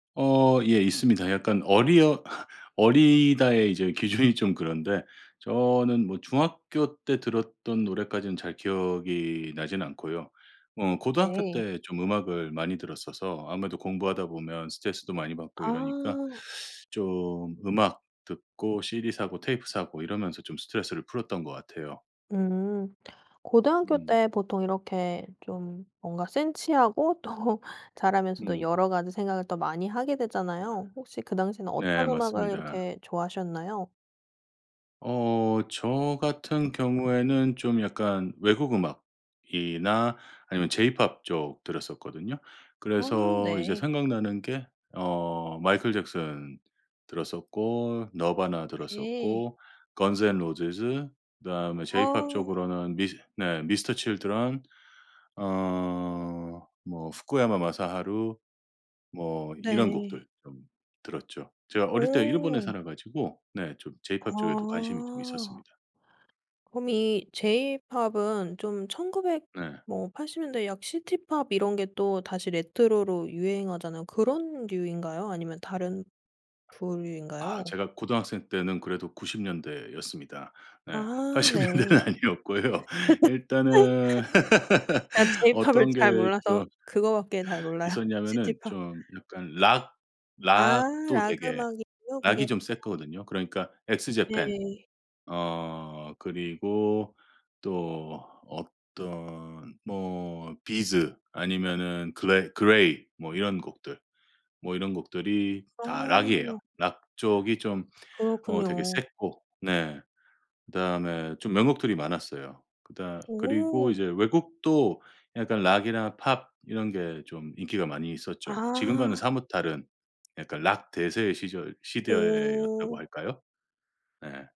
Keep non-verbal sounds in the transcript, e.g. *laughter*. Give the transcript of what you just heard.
어 예. 있습니다. 약간 어리어 *laughs* 어리다의 이제 기준이 좀 그런데 저는 뭐 중학교 때 들었던 노래까지는 잘 기억이 나진 않고요. 뭐 고등학교 네. 때 좀 음악을 많이 들었어서 아무래도 공부하다 보면 스트레스도 많이 받고 이러니까 아. 좀 음악 듣고 CD 사고 테이프 사고 이러면서 좀 스트레스를 풀었던 것 같아요. 음. 고등학교 음. 때 보통 이렇게 좀 뭔가 센치하고 또 자라면서도 음. 여러 가지 생각을 더 많이 하게 되잖아요. 혹시 그 당시에는 네 어떤 음악을 맞습니다. 이렇게 좋아하셨나요? 어 저 같은 경우에는 좀 약간 외국 음악이나 아니면 제이팝 쪽 들었었거든요. 아 그래서 이제 네. 생각나는 게 어 마이클 잭슨 들었었고 너바나 예. 들었었고 건즈 앤 로지즈 그다음에 제이팝 아. 쪽으로는 미스 네 미스터 칠드런 어 뭐 후쿠야마 마사하루 뭐 이런 곡들 네. 좀 들었죠. 제가 어릴 때 일본에 오. 살아 가지고 네 좀 제이팝 쪽에도 관심이 좀 아. 있었습니다. 그럼 이 제이팝은 좀 1900 네. 뭐 80 년대 약 시티 팝 이런 게 또 다시 레트로로 유행하잖아요. 그런 류인가요, 아니면 다른 아 부류인가요? 제가 고등학생 때는 그래도 90 년대였습니다. 네. 아 80 네. 년대는 아니었고요. *laughs* 일단은 *laughs* 제가 제이팝을 어떤 잘 게 저 몰라서 그거밖에 잘 몰라요. 시티 있었냐면은 팝. 좀 약간 락 아 락도 락 되게 음악이군요, 그게. 락이 좀 아. 셌거든요. 그러니까 X japan 네. 어 그리고 또 어떤 뭐 비즈 아니면은 그레 그레이 뭐 이런 곡들 뭐 이런 곡들이 다 락이에요. 아. 락 쪽이 좀 어 되게 그렇군요. 셌고 네 그다음에 좀 명곡들이 많았어요. 그다 그리고 오. 이제 외국도 약간 락이나 팝 이런 게 좀 인기가 많이 있었죠. 지금과는 아. 사뭇 다른 약간 락 대세의 시절 시대였다고 오. 할까요? 네.